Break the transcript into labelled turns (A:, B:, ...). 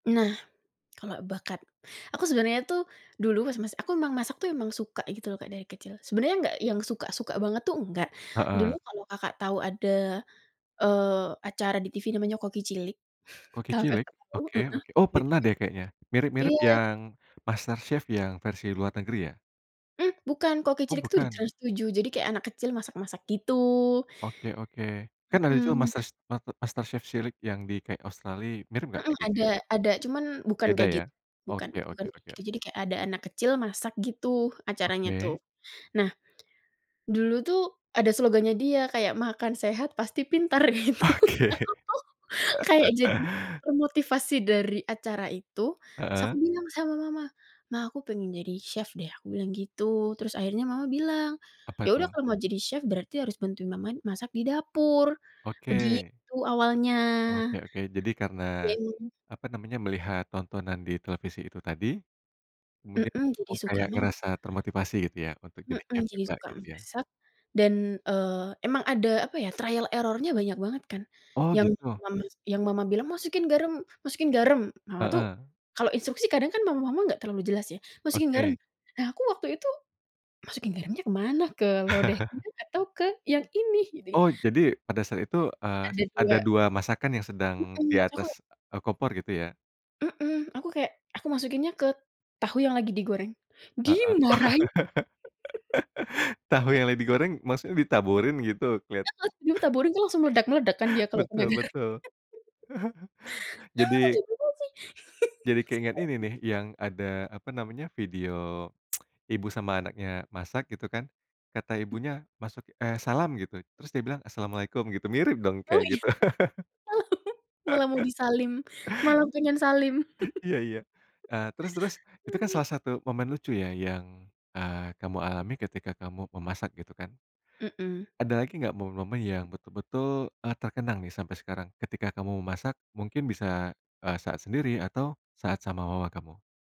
A: Nah kalau bakat, aku sebenarnya tuh dulu mas mas aku emang masak tuh emang suka gitu loh Kak dari kecil, sebenarnya nggak yang suka-suka banget tuh, nggak. Dulu
B: Heeh.
A: kalau Kakak tahu ada, eee, acara di TV namanya Koki Cilik,
B: Koki
A: kalau
B: Cilik?
A: Kakak tahu
B: Oke
A: heeh,
B: oke. Oh
A: di
B: pernah
A: TV
B: deh kayaknya. Mirip-mirip
A: iya.
B: yang MasterChef yang versi luar negeri ya?
A: Hmm, bukan, Koki
B: Oh
A: Cilik tuh di
B: bukan.
A: Trans7, jadi kayak anak kecil masak-masak gitu.
B: Oke oke. Kan ada juga
A: Mhm.
B: masas mate MasterChef cilik yang di kayak Australia, mirip gak
A: Mhm.
B: kayak gitu ya?
A: ada ada, cuman bukan
B: Beda
A: kayak
B: ya.
A: gitu. Bukan
B: Oke
A: bukan
B: oke oke
A: gitu,
B: oke.
A: jadi kayak ada anak kecil masak gitu acaranya tuh.
B: Oke.
A: Nah, dulu tuh ada slogannya dia, kayak, "makan sehat pasti pintar" gitu.
B: Oke.
A: Aku tuh kayak jadi termotivasi dari acara itu, terus aku
B: Heeh.
A: bilang sama mama. "Ma, aku pengen jadi chef deh," aku bilang gitu. Terus akhirnya mama bilang,
B: Apa
A: "Ya udah
B: itu?
A: kalau mau jadi chef berarti harus bantuin mama masak di dapur,"
B: Oke.
A: begitu awalnya.
B: Oke oke, jadi karena
A: Yang
B: apa namanya, melihat tontonan di televisi itu tadi, kemudian
A: Mhm,
B: kamu
A: jadi suka
B: kayak
A: masak.
B: ngerasa termotivasi gitu ya untuk jadi
A: Mhm.
B: chef
A: Jadi
B: juga
A: suka
B: gitu ya?
A: masak dan, eee, emang ada apa ya, trial error-nya banyak banget kan
B: Oh
A: yang
B: gitu.
A: mama yang mama bilang, "Masukin garam masukin garam!" Mama tuh
B: Heeh.
A: kalau instruksi kadang kan mama-mama nggak terlalu jelas ya, "Masukin garam."
B: Oke.
A: Nah, aku waktu itu, "Masukin garamnya ke mana? Ke lodehnya atau ke yang ini? Gitu ya.
B: Oh, jadi pada saat itu, eee,
A: Ada
B: ada
A: dua.
B: 2 masakan yang sedang di
A: Mhm, terus aku
B: atas, eee, kompor gitu ya?
A: Mhm. Aku kayak aku masukinnya ke tahu yang lagi digoreng.
B: Heeh.
A: Dimarahin!
B: Tahu yang lagi goreng maksudnya ditaburin gitu keliat
A: Heeh. Ditaburin tuh langsung meledak-meledak kan dia kalau kena
B: Betul
A: garam.
B: betul.
A: "Kamu tuh
B: Jadi
A: gimana sih?"
B: Jadi
A: langsung
B: keinget ini
A: panik.
B: nih, yang ada, apa namanya, video ibu sama anaknya masak gitu kan, kata ibunya, masuk eh salam gitu, terus dia bilang assalamualaikum gitu, mirip dong
A: Oh
B: kayak
A: iya.
B: gitu.
A: Malah mau di salim, malah pengen salim.
B: Iya iya, eee, terus terus, itu kan salah satu momen lucu ya yang, eee, kamu alami ketika kamu memasak, gitu kan.
A: Mhm.
B: Ada lagi nggak, momen-momen yang betul-betul, eee, terkenang nih sampai sekarang ketika kamu memasak? Mungkin bisa, eee, saat sendiri atau saat sama mama kamu?